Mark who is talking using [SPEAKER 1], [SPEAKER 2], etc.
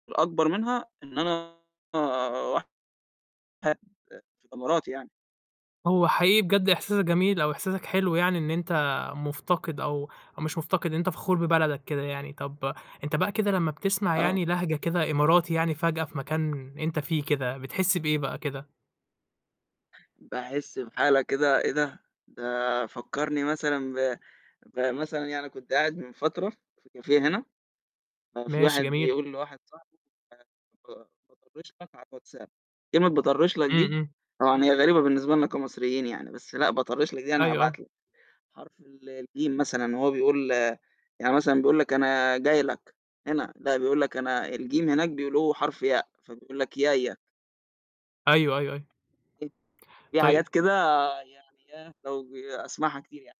[SPEAKER 1] الأكبر منها إن أنا واحد في الإمارات يعني.
[SPEAKER 2] هو حقيقي بجد إحساسك جميل أو إحساسك حلو يعني إن أنت مُفتقِد أو أو مش مُفتقِد، إن أنت فخور ببلدك كده، يعني طَب أنت بقى كده لمّا بتسمع
[SPEAKER 1] آه.
[SPEAKER 2] يعني لهجة كده إماراتي يعني فجأة في مكان أنت فيه كده، بتحس بإيه بقى كده؟
[SPEAKER 1] باحس بحالة كده إيه ده، ده فكّرني مثلًا ب بمثلًا يعني كنت قاعد من فترة في كافيه هنا ففي
[SPEAKER 2] ماشي،
[SPEAKER 1] واحد
[SPEAKER 2] جميل.
[SPEAKER 1] بيقول لواحد صاحبه: "آآ ك باطرِّش لك على الWhatsApp" كلمة باطرِّش لك
[SPEAKER 2] إمم،
[SPEAKER 1] دي،
[SPEAKER 2] إمم.
[SPEAKER 1] طبعًا هي غريبة بالنسبة لنا كمصريين يعني، بس لأ، باطرِّش لك دي يعني
[SPEAKER 2] أيوه،
[SPEAKER 1] هابعت
[SPEAKER 2] أيوه.
[SPEAKER 1] لك حرف ال الجيم مثلًا وهو بيقول يعني مثلًا بيقول لك أنا جاي لك هنا لأ، بيقول لك أنا الجيم هناك بيقولوه حرف ياء فبيقول لك يايا.
[SPEAKER 2] أيوه، أيوه، أيوه.
[SPEAKER 1] في حاجات
[SPEAKER 2] طيب
[SPEAKER 1] كده يعني إيه، لو ج باسمعها كتير يعني.